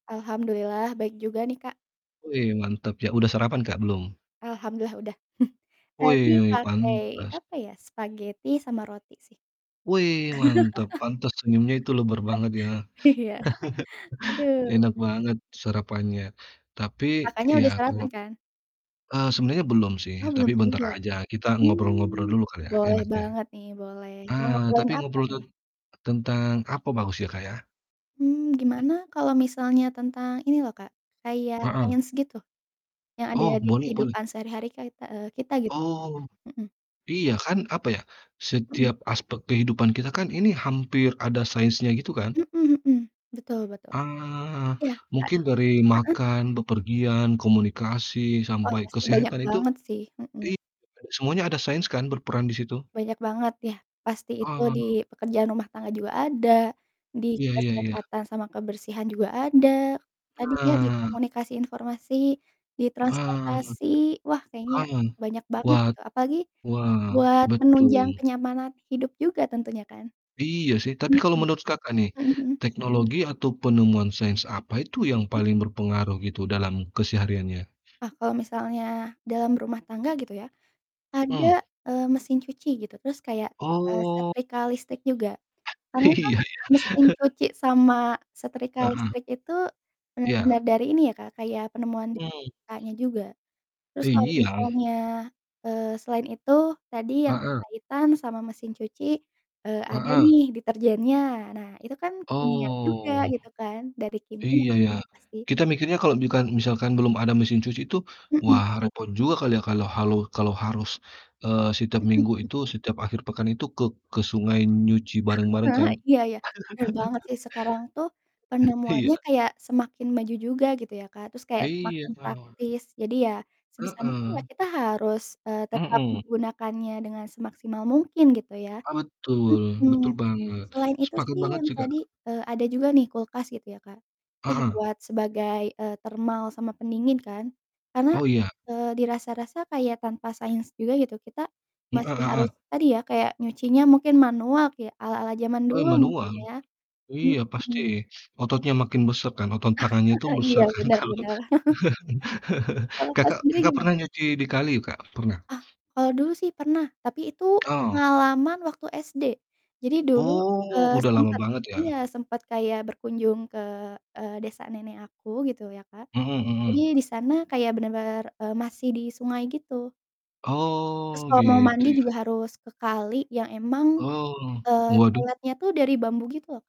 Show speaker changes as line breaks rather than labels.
Alhamdulillah baik juga nih, Kak.
Wei, mantap ya udah sarapan Kak, belum?
Alhamdulillah udah tadi
Wih,
pakai
pantas.
apa ya, spaghetti sama roti sih.
Wei mantap, pantes senyumnya itu lebar banget ya,
Iya, aduh.
enak banget serapannya, tapi
Kakaknya udah
ya kalau
sarapan kan?
eee, sebenarnya belum sih
Oh
tapi
belum
bentar
juga.
aja kita ngobrol-ngobrol
Mmm,
dulu Kak, ya
boleh
enaknya.
banget nih boleh.
A
Mau ngobrolin
tapi
apa
ngobrol ten
nih?
tentang apa bagus ya, Kak, ya?
Mmm, gimana kalau misalnya tentang ini loh, Kak, kayak
Heeh.
sains gitu yang ada
Oh,
di
boleh boleh.
kehidupan sehari-hari kaita eee, kita gitu.
Oh,
Mhm
iya kan, apa ya
Mhm.
setiap aspek kehidupan kita kan ini hampir ada sainsnya gitu kan.
Mhm mhm. Betul betul.
Ah,
Iya, Kak.
mungkin dari
Heeh.
makan, bepergian, komunikasi,
Wah,
sampai
pasti banyak
kesehatan itu
banget sih. Hmm.
iya, Kak, semuanya ada sains kan berperan di situ.
Banyak banget ya, pasti itu
Ah.
di pekerjaan rumah tangga juga ada, di
Iya iya iya.
kesehatan sama kebersihan juga ada, tadi ya di
Nah.
komunikasi informasi di
Ah,
transportasi. Wah kayaknya
aman
banyak banget
watt,
gitu apalagi
wah
buat menunjang
betul.
kenyamanan hidup juga tentunya kan,
Iya sih tapi
mhm.
kalau menurut Kakak nih,
Mhm mhm.
teknologi atau penemuan sains apa itu yang
Mhm.
paling berpengaruh gitu dalam kesehariannya?
Ah, kalau misalnya dalam rumah tangga gitu ya, ada,
Mhm.
eee, mesin cuci gitu. Terus kayak, eee,
Oh.
setrika listrik juga, karena kan
Iya, ya.
mesin cuci sama setrika
Heeh.
listrik itu benar-benar
Iya.
dari ini ya, Kak, kayak penemuan
Mhm.
Kakaknya juga. Terus kalau
Iya.
misalnya, eee, selain itu, tadi yang
Heeh.
berkaitan sama mesin cuci, eee, ada
Heeh.
nih detergennya. Nah, itu kan kimia juga
Oh.
gitu kan dari kimia
iya ya,
kan pasti.
kita mikirnya kalau bukan, misalkan belum ada mesin cuci itu
Mhm.
wah repot juga kali ya kalau halu kalau harus, eee, setiap
Mhm,
Minggu
mmm.
itu setiap akhir pekan itu ke ke sungai nyuci bareng-bareng
Ah, ha.
kan.
Iya ya keren banget sih, sekarang tuh
Eh, iya.
penemuannya kayak semakin maju juga gitu ya, Kak. Terus kayak
Iya,
semakin
Kak.
praktis jadi ya sebisa mungkin lah
Heeh.
kita harus, eee, tetap
Hmm.
menggunakannya dengan semaksimal mungkin gitu ya.
Betul betul
Mhm,
banget,
selain itu
sepakat
sih
banget
yang
sih, Kak.
tadi, eee, ada juga nih kulkas gitu ya, Kak, ya
Heeh.
buat sebagai, eee, termal sama pendingin kan. Karena,
Oh iya.
eee, di rasa-rasa kayak tanpa sains juga gitu kita
M eh,
masih harus
heeh.
tadi ya kayak nyucinya mungkin manual kayak ala-ala zaman
Eee,
dulu mungkin
manual.
ya.
Iya pasti
Mhm.
ototnya makin besar kan otot tangannya itu
Iya
besar kan
benar
kalau.
benar. Kalau Kak
Kakak Kakak pernah
sendiri
nggak
gimana?
pernah nyuci di kali ya Kak, pernah?
Oh, kalau dulu sih pernah tapi itu
Oh.
pengalaman waktu SD. Jadi dulu,
Oh
eee,
udah lama
sempat
banget ya.
iya sempat kayak berkunjung ke, eee, desa nenek aku gitu ya Kak.
Mhm
Jadi
mhm.
di sana kayak benar-benar, eee, masih di sungai gitu. Terus
Oh,
kalau mau mandi
gitu
juga
ya.
harus ke kali yang emang,
Oh,
eee,
waduh.
toiletnya tuh dari bambu gitu loh.